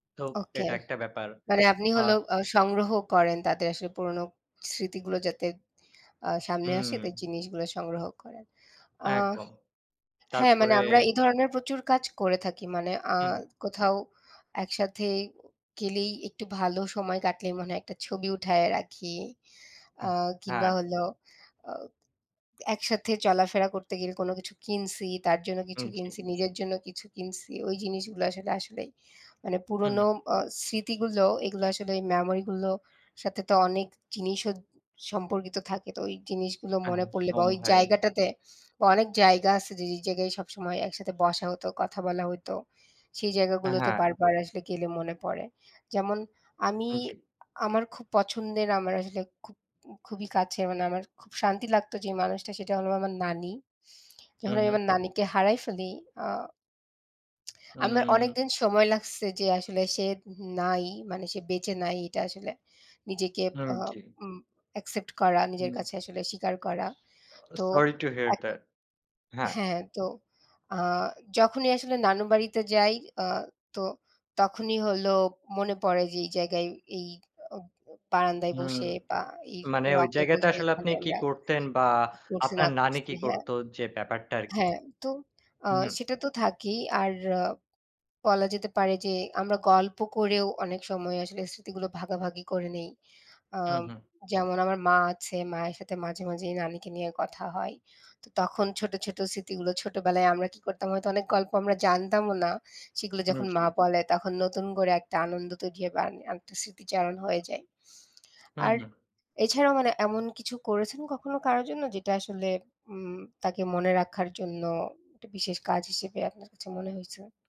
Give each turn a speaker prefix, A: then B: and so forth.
A: তো
B: ওকে,
A: এটা একটা ব্যাপার।
B: মানে আপনি
A: আ
B: হলেও আ সংগ্রহ করেন তাদের আসলে পুরনো স্মৃতিগুলো যাতে আ সামনে আসে
A: হুম।
B: জিনিসগুলো সংগ্রহ করেন। আ
A: একদম।
B: হ্যাঁ, মানে
A: তারপরে
B: আমরা এ ধরনের প্রচুর কাজ করে থাকি মানে আ
A: হুম, হু।
B: কোথাও একসাথে গেলেই একটু ভালো সময় কাটলেই মনে হয় একটা ছবি উঠায়ে রাখি। আ কিংবা
A: হ্যাঁ।
B: হল অ একসাথে চলাফেরা করতে গেলে কোনো কিছু কিনছি, তার জন্য কিছু
A: উম জি।
B: কিনছি, নিজের জন্য কিছু কিনছি, ওই জিনিসগুলো আসলে আসলেই মানে
A: হুম,
B: পুরনো
A: হু।
B: অ স্মৃতিগুলো এগুলো আসলে ওই মেমোরিগুলোর সাথে তো অনেক জিনিসও সম্পর্কিত থাকে, তো ওই জিনিসগুলো মনে পড়লে বা
A: একদম
B: ওই
A: ভাই।
B: জায়গাটাতে বা অনেক জায়গা আছে যে, যে জায়গায় সবসময় একসাথে বসা হতো কথা বলা হইতো, সেই জায়গাগুলোতে
A: হ্যাঁ।
B: বারবার আসলে গেলে মনে পড়ে। যেমন আমি
A: জী।
B: আমার খুব পছন্দের আমার আসলে খুব খুবই কাছে মানে আমার খুব শান্তি লাগতো যে মানুষটা সেটা হলো আমার নানি, যখন
A: হুম,
B: আমি
A: হুম।
B: আমার নানিকে হারায় ফেলি আ আমার
A: উম।
B: অনেকদিন সময় লাগছে যে আসলে সে নাই, মানে সে বেঁচে নাই এটা আসলে নিজেকে
A: উম
B: আ
A: জি।
B: উম অ্যাকসেপ্ট করা,
A: হুম।
B: নিজের কাছে আসলে স্বীকার করা। তো
A: সরি টু হিয়ার
B: এক,
A: দ্যাট। হ্যাঁ।
B: হ্যাঁ, তো আ যখনই আসলে নানু বাড়িতে যাই। আ তো তখনই হলো মনে পড়ে যে এই জায়গায় এই আ বারান্দায়
A: হুম,
B: বসে বা এই
A: মানে ওই
B: রকে
A: জায়গাতে
B: বসে
A: আসলে
B: এখানে
A: আপনি কি
B: আমরা,
A: করতেন বা
B: কি করছি না
A: আপনার নানী
B: করছি,
A: কি
B: হ্যাঁ,
A: করতো যে ব্যাপারটা আরকি?
B: হ্যাঁ তো আ
A: হুম।
B: সেটা তো থাকেই, আর বলা যেতে পারে যে, আমরা গল্প করেও অনেক সময় আসলে স্মৃতিগুলো ভাগাভাগি করে নিই। আ
A: হুম, হুম।
B: যেমন আমার মা আছে, মায়ের সাথে মাঝে মাঝেই নানিকে নিয়ে কথা হয়, তো তখন ছোটো, ছোটো স্মৃতিগুলো, ছোটোবেলায় আমরা কি করতাম হয়তো অনেক গল্প আমরা জানতামও না, সেগুলো
A: হুম,
B: যখন
A: জি।
B: মা বলে, তখন নতুন করে একটা আনন্দ তৈরি হয় বা আ আরেকটা স্মৃতিচারণ হয়ে যায়।
A: হুম,
B: আর
A: হু।
B: এছাড়াও মানে এমন কিছু করেছেন কখনো কারো জন্য, যেটা আসলে উম তাকে মনে রাখার জন্য একটা বিশেষ কাজ হিসেবে আপনার কাছে মনে হয়েছে?